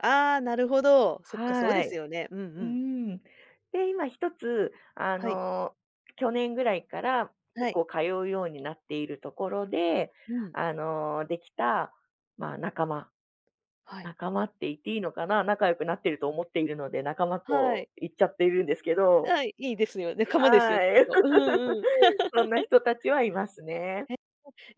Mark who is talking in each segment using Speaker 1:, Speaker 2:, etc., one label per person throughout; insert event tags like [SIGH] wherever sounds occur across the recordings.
Speaker 1: ああ、なるほど。そっか、そうで
Speaker 2: は
Speaker 1: す
Speaker 2: い。
Speaker 1: よね、うんう
Speaker 2: う
Speaker 1: ん。
Speaker 2: ん。で、今1つ、あ
Speaker 1: はい。
Speaker 2: の、去年ぐらいから
Speaker 1: は
Speaker 2: 結
Speaker 1: い。
Speaker 2: 構、通うようになっているところで、
Speaker 1: うん。
Speaker 2: あの、できた、ま、仲間。
Speaker 1: はい。
Speaker 2: 仲間って言っていいのかな、仲良くなってると思っているので、仲間
Speaker 1: は
Speaker 2: と
Speaker 1: い。
Speaker 2: 言っちゃってるんですけど。
Speaker 1: はい、いいですよ、仲間ですよ
Speaker 2: は
Speaker 1: きっ
Speaker 2: い。
Speaker 1: と。うんうん。
Speaker 2: [LAUGHS] そんな
Speaker 1: [LAUGHS]
Speaker 2: 人たちはいますね。
Speaker 1: えっと、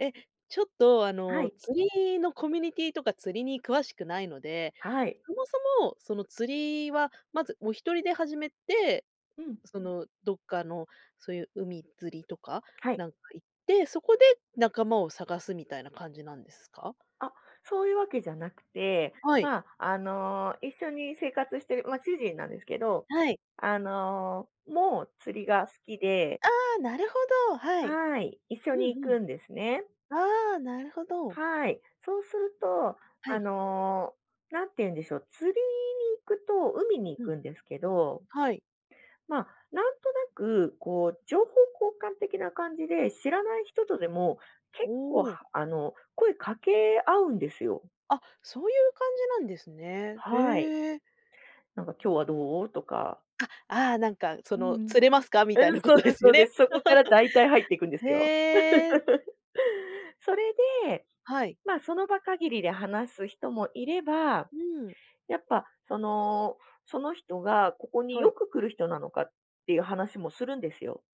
Speaker 1: え、ちょっと、あ
Speaker 2: は
Speaker 1: の、
Speaker 2: い。
Speaker 1: 釣りのコミュニティとか、釣りに詳しくないので。
Speaker 2: はい。
Speaker 1: そもそも、その釣りは、まずお一人で始めて、
Speaker 2: うん。
Speaker 1: そのどっかの、そいう海釣りとか、
Speaker 2: はい。
Speaker 1: なんか行って、そこで仲間を探す、みたいな感じなんですか？
Speaker 2: あ、そういうわけじゃなくて、
Speaker 1: はい。
Speaker 2: まあ、あの、一緒に生活してる、ま、主人なんですけど。
Speaker 1: はい。
Speaker 2: あの、も、釣りが好きで。
Speaker 1: ああ、なるほど、はい。
Speaker 2: はい、一緒
Speaker 1: う
Speaker 2: に
Speaker 1: ん
Speaker 2: 行
Speaker 1: うん、
Speaker 2: くんですね。
Speaker 1: ああ、なるほど。
Speaker 2: はい、そうすると、
Speaker 1: は
Speaker 2: あ
Speaker 1: い。
Speaker 2: の、何て言うんでしょう、釣りに行くと、海に行
Speaker 1: うん、
Speaker 2: くんですけど。
Speaker 1: はい。
Speaker 2: ま、なんとなくこう、情報交換的な感じで、知らない人とでも、
Speaker 1: お
Speaker 2: 結構、
Speaker 1: お。
Speaker 2: はあの、声掛け合うんですよ。
Speaker 1: あ、そういう感じなんですね。
Speaker 2: はい。
Speaker 1: へえ。
Speaker 2: なんか「今日はどう？」とか。
Speaker 1: あ、ああ、なんかそ
Speaker 2: うん
Speaker 1: の
Speaker 2: うん。
Speaker 1: 「釣れますか？」みたい
Speaker 2: うん、
Speaker 1: なこ
Speaker 2: そう
Speaker 1: とで
Speaker 2: です
Speaker 1: す
Speaker 2: そ
Speaker 1: よ
Speaker 2: うで
Speaker 1: ね。
Speaker 2: す。
Speaker 1: [LAUGHS]
Speaker 2: そこから大体入っていくんで
Speaker 1: へ
Speaker 2: すよ。
Speaker 1: え。
Speaker 2: [LAUGHS] それで、
Speaker 1: はい。
Speaker 2: ま、その場限りで話す人もいれば、
Speaker 1: うん。
Speaker 2: やっぱその、その人がここに
Speaker 1: は
Speaker 2: よ
Speaker 1: い。
Speaker 2: く来る人なのか、っていう話もするんですよ。